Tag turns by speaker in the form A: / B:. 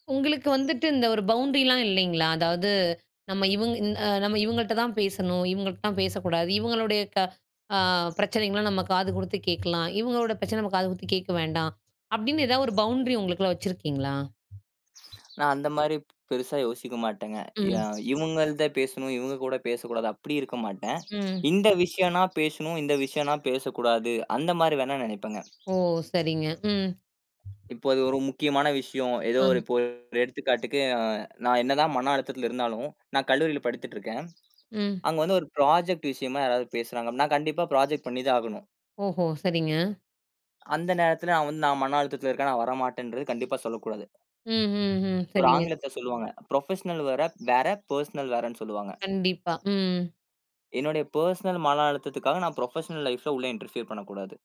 A: உங்களுக்கு வந்துட்டு இந்த ஒரு பவுண்ட்ரிலாம் இல்லேங்களா! அதாவது நம்ம இவுங்க இந் நம்ம இவுங்கட்ட தான் பேசணும். இவுங்கட்ட தான் பேசக்கூடாது. இவுங்களுடைய க ஆ பிரச்சனைகள்லாம் நம்ம காது குடுத்து கேட்கலாம். இவுங்களோட பிரச்சனை நம்ம காது குடுத்து கேட்க வேண்டாம். அப்பிடின்னு ஏதாவது ஒரு பவுண்ட்ரி உங்களுக்குள்ள வச்சிருக்கீங்களா?
B: நான் அந்தமாரி பெருசா யோசிக்க மாட்டேங்க. அ
A: ம்.
B: இவுங்கள்ட பேசணும், இவுங்க கூட பேசக்கூடாது. அப்பிடி இருக்க மாட்டேன்.
A: ம்.
B: இந்த விஷயம்னா பேசணும், இந்த விஷயன்னா பேசக்கூடாது. அந்தமாரி வேணா நினைப்பேங்க.
A: ஓ! சேரிங்க. ம்.
B: இப்போ அது ஒரு முக்கியமான விஷயம். ஏதோ
A: ஆ.
B: ஒரு இப்போ எடுத்துக்காட்டுக்கு நான் என்னதான் மன அழுத்தத்தில இருந்தாலும், நான் கல்லூரியில படித்திட்டு இருக்கேன்.
A: ம்.
B: அங்க வந்து ஒரு ப்ராஜெக்ட் விஷயமா யாராவது பேசுறாங்க அப்பிடின்னா நான் கண்டிப்பா ப்ராஜெக்ட் பண்ணி தான் ஆகணும்.
A: ஓஹோ! சேரிங்க.
B: அந்த நேரத்தில அவன் வந்து நான் மன அழுத்தத்தல இருக்கிறேன். நான் வரமாட்டேன்றது கண்டிப்பா சொல்லக்கூடாது.
A: ம், ம், ம்.
B: ஒரு
A: சேரிங்க.
B: ஆங்கிலத்துல சொல்லுவாங்க. ப்ரொஃபஷ்னல் வேற, வேற பர்சனல் வேறன்னு சொல்லுவாங்க.
A: கண்டிப்பா. ம்.
B: என்னுடைய பெர்சனல் மன அழுத்தத்துக்காக நான் ப்ரொஃபஷ்னல் லைஃப்ல உள்ளே இன்டர்ஃபியர் பண்ணக்கூடாது.